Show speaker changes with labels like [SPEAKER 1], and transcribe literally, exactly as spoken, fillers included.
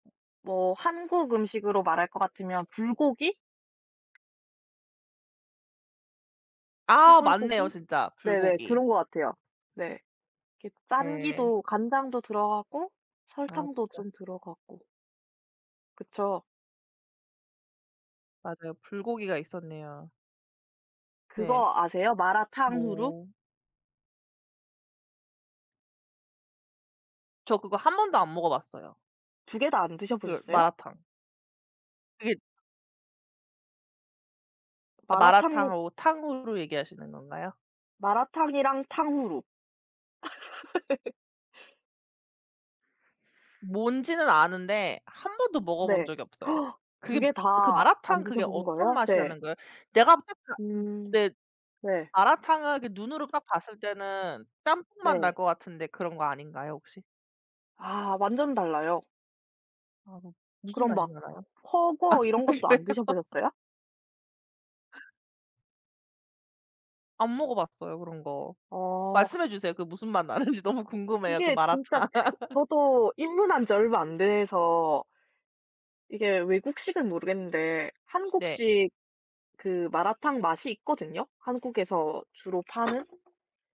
[SPEAKER 1] 뭐 한국 음식으로 말할 것 같으면 불고기.
[SPEAKER 2] 아 맞네요
[SPEAKER 1] 소불고기.
[SPEAKER 2] 진짜.
[SPEAKER 1] 네네.
[SPEAKER 2] 불고기.
[SPEAKER 1] 그런 것 같아요. 네. 이렇게
[SPEAKER 2] 네.
[SPEAKER 1] 짠기도 간장도 들어가고
[SPEAKER 2] 아
[SPEAKER 1] 설탕도
[SPEAKER 2] 진짜.
[SPEAKER 1] 좀 들어가고. 그쵸?
[SPEAKER 2] 맞아요. 불고기가 있었네요. 네.
[SPEAKER 1] 그거 아세요 마라탕후루?
[SPEAKER 2] 뭐 저 그거 한 번도 안 먹어 봤어요.
[SPEAKER 1] 두 개 다 안
[SPEAKER 2] 그
[SPEAKER 1] 드셔보셨어요?
[SPEAKER 2] 마라탕. 그게 아
[SPEAKER 1] 마라탕후
[SPEAKER 2] 마라탕하고 탕후루 얘기하시는 건가요?
[SPEAKER 1] 마라탕이랑 탕후루.
[SPEAKER 2] 뭔지는 아는데 한 번도 먹어 본
[SPEAKER 1] 네.
[SPEAKER 2] 적이 없어요.
[SPEAKER 1] 두
[SPEAKER 2] 그게
[SPEAKER 1] 개
[SPEAKER 2] 그
[SPEAKER 1] 다 안
[SPEAKER 2] 마라탕
[SPEAKER 1] 드셔
[SPEAKER 2] 그게
[SPEAKER 1] 보신
[SPEAKER 2] 어떤
[SPEAKER 1] 거예요?
[SPEAKER 2] 맛이
[SPEAKER 1] 네.
[SPEAKER 2] 나는 거예요? 내가 [unintelligible]
[SPEAKER 1] 음.
[SPEAKER 2] 네
[SPEAKER 1] 네.
[SPEAKER 2] 마라탕을 이렇게 눈으로 딱 봤을 때는 짬뽕 맛 날
[SPEAKER 1] 네.
[SPEAKER 2] 것 같은데 그런 거 아닌가요 혹시?
[SPEAKER 1] 아 완전 달라요.
[SPEAKER 2] 아 무슨
[SPEAKER 1] 그럼
[SPEAKER 2] 맛이
[SPEAKER 1] 막
[SPEAKER 2] 나나요?
[SPEAKER 1] 훠궈 이런 것도
[SPEAKER 2] 그래요?
[SPEAKER 1] 안 드셔 보셨어요?
[SPEAKER 2] 안 먹어봤어요 그런 거.
[SPEAKER 1] 어.
[SPEAKER 2] 말씀해 주세요. 그 무슨 맛 나는지 너무 궁금해요 그
[SPEAKER 1] 이게
[SPEAKER 2] 마라탕.
[SPEAKER 1] 진짜 저도 입문한 지 얼마 안 돼서 이게 외국식은 모르겠는데
[SPEAKER 2] 네.
[SPEAKER 1] 한국식 그 마라탕 맛이 있거든요. 한국에서 주로 파는.